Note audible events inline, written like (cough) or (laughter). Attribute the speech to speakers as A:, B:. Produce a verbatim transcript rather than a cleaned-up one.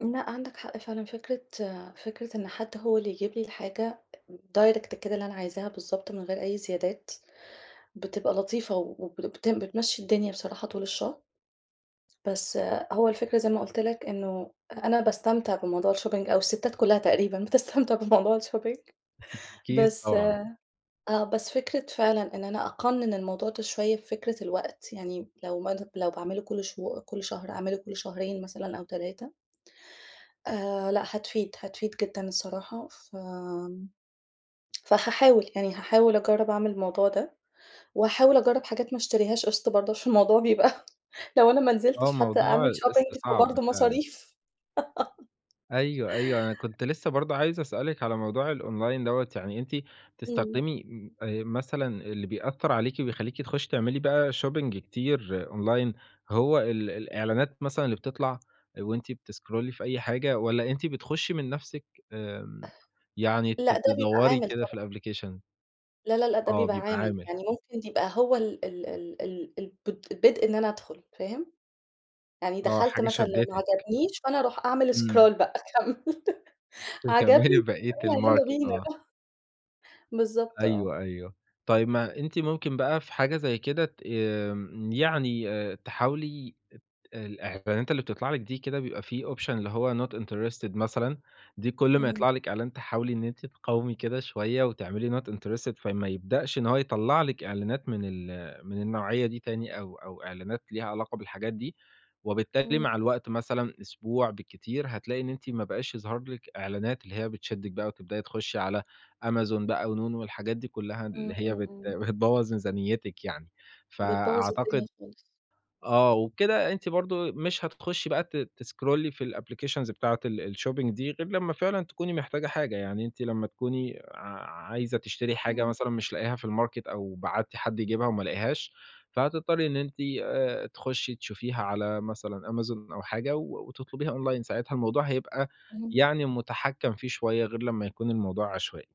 A: لأ، عندك حق فعلًا، فكرة فكرة إن حد هو اللي يجيب لي الحاجة أ direct كده اللي أنا عايزاها بالضبط من غير أي زيادات، بتبقى لطيفة وب لبتم بتمشّي الدنيا بصراحة طول الشهر. بس هو الفكرة زي ما قُلت لك إنه أ أنا باستمتع بموضوع الشوبينج أو الستات كلّها تقريبًا بتستمتع بموضوع الشوبينج
B: (chuckles) أكيد
A: بس
B: طبعًا.
A: آه، بس فكرة فعلًا إن أنا أقنن الموضوع ده شوية بفكرة الوقت، يعني م لو ما دوب لو باعمله كل شهو كل شهر، أعمله كل شهرين مثلًا أو تلاتة. آآ، لأ، هتفيد، هتفيد جدًا الصراحة. فآمم، فهاحاول، يعني هاحاول اجرّب اعمل الموضوع ده، وهاحاول اجرّب حاجات ما اشتريهاش قِسط برضه عشان الموضوع بيبقى لو أنا ما
B: آه،
A: نزلتش حتى
B: موضوع
A: أعمل شوبينج
B: القِسط صعب
A: فبرضه
B: فعلًا.
A: مصاريف. (laughs)
B: أيوه، أيوه، أنا كنت لسه برضه عايز اسألِك على موضوع الأونلاين َدّوة، يعني أنتِ
A: إمم.
B: بتستخدمي م آآ، مثلًا اللي بيأثّر عليكِ وبيخلّيكِ تخشّي تعملي بقى شوبينج كتير أونلاين هو ال الإعلانات مثلًا اللي بتطلع، آآ، وأنتِ بتسكرولي في أي حاجة؟ والّا أنتِ بتخشّي من نفسِك، آمم، يعني ت
A: لأ، ده بيبقى
B: تدوّري
A: عامل
B: كده في
A: طبعًا.
B: الأبلكيشن؟
A: لأ لأ لأ، ده
B: آه،
A: بيبقى
B: بيبقى
A: عامل.
B: عامل.
A: يعني ممكن دي يبقى هو ال ال ال ال الب البدء إن أنا ادخل، فاهم؟ يعني
B: آه،
A: دخلت
B: حاجة
A: مثلًا لو ما
B: شدتِك.
A: عجبنيش، فأنا اروح أعمل
B: إمم.
A: scroll بقى اكمّل (laughs) عجبني
B: تكمّلي بقيت
A: يالّا، يالّا
B: الماركت،
A: بينا.
B: آه.
A: (chuckles) بالضبط آه.
B: أيوه، أيوه. طيب، ما أنتِ ممكن بقى في حاجة زي كده ت آمم، يعني آآ، تحاولي ات الإعلانات اللي بتطلع لِك دي كده بيبقى في option اللي هو not interested مثلًا، دي كل ما
A: إمم.
B: يطلع لِك إعلان تحاولي إن أنتِ تقاومي كده شوية وتعملي not interested، فما يبدأش إن هو يطلع لِك إعلانات من ال من النوعية دي تاني أو أو إعلانات ليها علاقة بالحاجات دي، وبالتالي
A: إمم.
B: مع الوقت مثلًا، أسبوع بالكتير، هتلاقي إن أنتِ ما بقاش يظهر لِك إعلانات اللي هي بتشدِك بقى وتبدأي تخشّي على Amazon بقى ونون والحاجات دي كلّها
A: إمم،
B: اللي هي
A: إمم،
B: بت
A: إمم.
B: بتبوظ ميزانيتِك يعني.
A: بتبوظ الدنيا
B: فأعتقد
A: خالص.
B: آه، وبكده أنتِ برضه ت مش هتتخشّي بقى ت تسكرولي في الأبلكيشنز بتاعة ال الشوبينج دي غير لمّا فعلًا تكوني محتاجة حاجة. يعني أنتِ لمّا تكوني ع عايزة تشتري حاجة
A: إمم.
B: مثلًا مش لاقياها في الماركت أو بعتّي حد يجيبها وما لقيهاش، فهتضطرّي إن أنتِ آآ، تخشّي تشوفيها على مثلًا Amazon أو حاجة و وتطلبيها أونلاين، ساعتها الموضوع هيبقى
A: اهم.
B: يعني مُتحكّم فيه شوية، غير لمّا يكون الموضوع عشوائي.